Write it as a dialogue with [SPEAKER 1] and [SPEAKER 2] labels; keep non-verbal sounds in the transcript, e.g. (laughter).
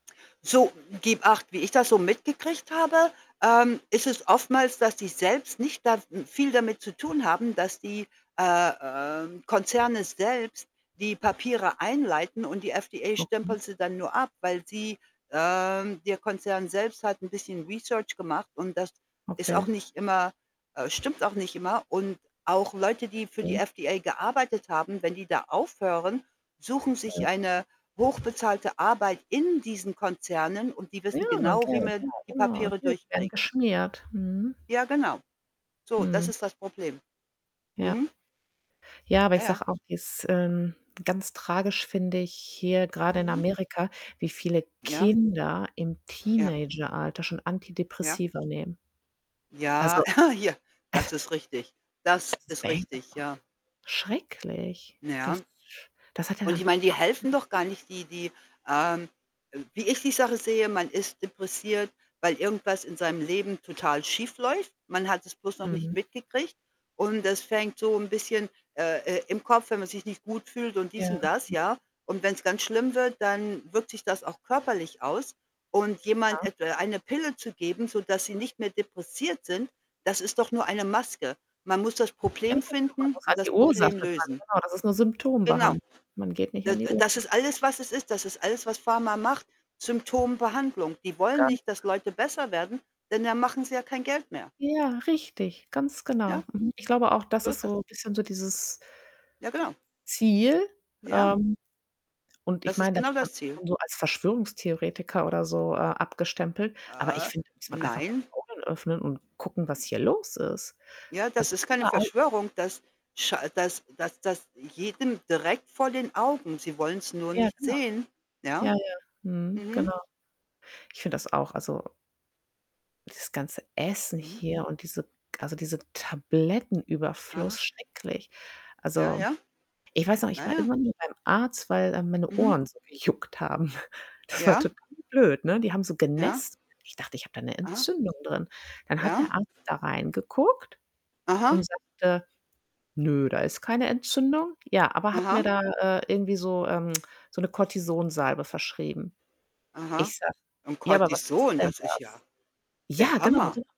[SPEAKER 1] So, gib Acht. Wie ich das so mitgekriegt habe, ähm, ist es oftmals, dass die selbst nicht da n viel damit zu tun haben, dass die, äh, ähm, Konzerne selbst die Papiere einleiten und die FDA
[SPEAKER 2] Okay.
[SPEAKER 1] stempelt sie dann nur ab, weil sie, ähm der Konzern selbst hat 'n bisschen research gemacht und das ist auch
[SPEAKER 2] Okay.
[SPEAKER 1] nicht immer, äh stimmt auch nicht immer. Und, auch Leute, die für die
[SPEAKER 2] (unintelligible)
[SPEAKER 1] FDA gearbeitet haben, wenn die da aufhören, suchen
[SPEAKER 2] Ja.
[SPEAKER 1] sich eine hochbezahlte Arbeit in diesen Konzernen und die
[SPEAKER 2] Ja,
[SPEAKER 1] wissen genau,
[SPEAKER 2] okay,
[SPEAKER 1] wie man
[SPEAKER 2] okay
[SPEAKER 1] die Papiere
[SPEAKER 2] (unintelligible) werden
[SPEAKER 1] durchkriegt.
[SPEAKER 2] geschmiert. Mhm.
[SPEAKER 1] Ja, genau. So, das
[SPEAKER 2] Hm.
[SPEAKER 1] ist das Problem.
[SPEAKER 2] Ja.
[SPEAKER 1] Mhm.
[SPEAKER 2] Ja, aber
[SPEAKER 1] Ja,
[SPEAKER 2] ich
[SPEAKER 1] ja.
[SPEAKER 2] sage auch, wie's in ganz tragisch finde ich hier, grade in
[SPEAKER 1] Mhm.
[SPEAKER 2] Amerika, wie viele
[SPEAKER 1] Ja.
[SPEAKER 2] Kinder im
[SPEAKER 1] Ja.
[SPEAKER 2] Teenageralter schon
[SPEAKER 1] Ja.
[SPEAKER 2] Antidepressiva nehmen.
[SPEAKER 1] Ja,
[SPEAKER 2] Also,
[SPEAKER 1] (chuckles) hier. Das ist richtig. Das
[SPEAKER 2] das ist.
[SPEAKER 1] ist richtig,
[SPEAKER 2] (unintelligible)
[SPEAKER 1] ja.
[SPEAKER 2] Schrecklich.
[SPEAKER 1] Na
[SPEAKER 2] Das
[SPEAKER 1] ja,
[SPEAKER 2] ist sch das hat ja
[SPEAKER 1] und ich
[SPEAKER 2] dann.
[SPEAKER 1] meine, die helfen doch
[SPEAKER 2] (unintelligible)
[SPEAKER 1] gar nicht, die die, ähm, äh wie ich die Sache sehe, man ist depressiv, weil irgendwas in seinem Leben total schiefläuft. Man hat es bloß noch nicht
[SPEAKER 2] Mhm.
[SPEAKER 1] mitgekriegt und das fängt so 'n bisschen, äh äh, im Kopf wenn man sich nicht gut fühlt und dies
[SPEAKER 2] Ja,.
[SPEAKER 1] und das,
[SPEAKER 2] (unintelligible)
[SPEAKER 1] ja, und wenn's ganz schlimm wird, dann wirkt sich das auch körperlich aus und jemand
[SPEAKER 2] Ja.
[SPEAKER 1] etwa eine Pille zu geben, sodass sie nicht mehr depressiv sind, das ist doch nur eine Maske. Man muss das
[SPEAKER 2] Ja,
[SPEAKER 1] Problem
[SPEAKER 2] (unintelligible) man
[SPEAKER 1] finden
[SPEAKER 2] muss
[SPEAKER 1] und
[SPEAKER 2] halt die
[SPEAKER 1] das
[SPEAKER 2] Ursache
[SPEAKER 1] Problem
[SPEAKER 2] dran,
[SPEAKER 1] lösen.
[SPEAKER 2] genau, das ist 'ne
[SPEAKER 1] Genau.
[SPEAKER 2] Symptom-Behandlung, man geht nicht
[SPEAKER 1] D
[SPEAKER 2] an die
[SPEAKER 1] d das
[SPEAKER 2] Ursache
[SPEAKER 1] ist
[SPEAKER 2] dran.
[SPEAKER 1] alles, was es ist. Das ist alles, was Pharma macht, Symptom-Behandlung. Die wollen
[SPEAKER 2] Ganz
[SPEAKER 1] nicht, dass
[SPEAKER 2] klar.
[SPEAKER 1] Leute besser werden, denn dann machen sie ja kein Geld mehr.
[SPEAKER 2] Ja, richtig, ganz genau.
[SPEAKER 1] Ja?
[SPEAKER 2] Mhm. Ich glaube auch, das
[SPEAKER 1] So
[SPEAKER 2] ist
[SPEAKER 1] ist das.
[SPEAKER 2] so bisschen so dieses
[SPEAKER 1] Ja, genau.
[SPEAKER 2] Ziel.
[SPEAKER 1] Ja.
[SPEAKER 2] Ähm, und ich
[SPEAKER 1] Das ist
[SPEAKER 2] meine, da
[SPEAKER 1] genau
[SPEAKER 2] wird man
[SPEAKER 1] das Ziel.
[SPEAKER 2] (unintelligible) so als Verschwörungstheoretiker oder so, äh, abgestempelt. Aber ich
[SPEAKER 1] Äh,
[SPEAKER 2] finde, da muss man einfach mal
[SPEAKER 1] nein.
[SPEAKER 2] die Augen öffnen und gucken, was hier los ist.
[SPEAKER 1] Ja,
[SPEAKER 2] Also
[SPEAKER 1] das ist keine
[SPEAKER 2] überall (unintelligible)
[SPEAKER 1] Verschwörung, das scha das das das jedem direkt vor den Augen. Sie wollen's nur
[SPEAKER 2] Ja,
[SPEAKER 1] nicht
[SPEAKER 2] genau.
[SPEAKER 1] sehen, ja?
[SPEAKER 2] Ja, ja. Mhm,
[SPEAKER 1] Mhm.
[SPEAKER 2] genau. Ich finde das auch, also dieses ganze Essen
[SPEAKER 1] Mhm.
[SPEAKER 2] hier und diese also dieser Tablettenüberfluss,
[SPEAKER 1] Aha.
[SPEAKER 2] schrecklich.
[SPEAKER 1] Ja,
[SPEAKER 2] Also,
[SPEAKER 1] ja.
[SPEAKER 2] ich weiß noch, ich
[SPEAKER 1] Na
[SPEAKER 2] war
[SPEAKER 1] ja.
[SPEAKER 2] irgendwann mal beim Arzt, weil, ähm, meine
[SPEAKER 1] Mhm.
[SPEAKER 2] Ohren so gejuckt haben. (chuckles) Das war
[SPEAKER 1] Ja.
[SPEAKER 2] total blöd, ne, die haben so
[SPEAKER 1] Ja.
[SPEAKER 2] genässt. Ich dachte, ich habe da 'ne
[SPEAKER 1] Aha.
[SPEAKER 2] Entzündung drin. Dann hat der
[SPEAKER 1] Ja?
[SPEAKER 2] Arzt da reingeguckt
[SPEAKER 1] Aha.
[SPEAKER 2] und sagte: „Nö, da ist keine Entzündung.“ Ja, aber hat mir
[SPEAKER 1] Aha.
[SPEAKER 2] da, äh, irgendwie so, ähm (tsk) so 'ne Kortison-Salbe verschrieben.
[SPEAKER 1] Aha
[SPEAKER 2] Ich sage:
[SPEAKER 1] und
[SPEAKER 2] „Ja, aber was ist
[SPEAKER 1] Cortison,
[SPEAKER 2] denn
[SPEAKER 1] das ist ja
[SPEAKER 2] das?“ ja,
[SPEAKER 1] der
[SPEAKER 2] genau, genau.
[SPEAKER 1] Hammer.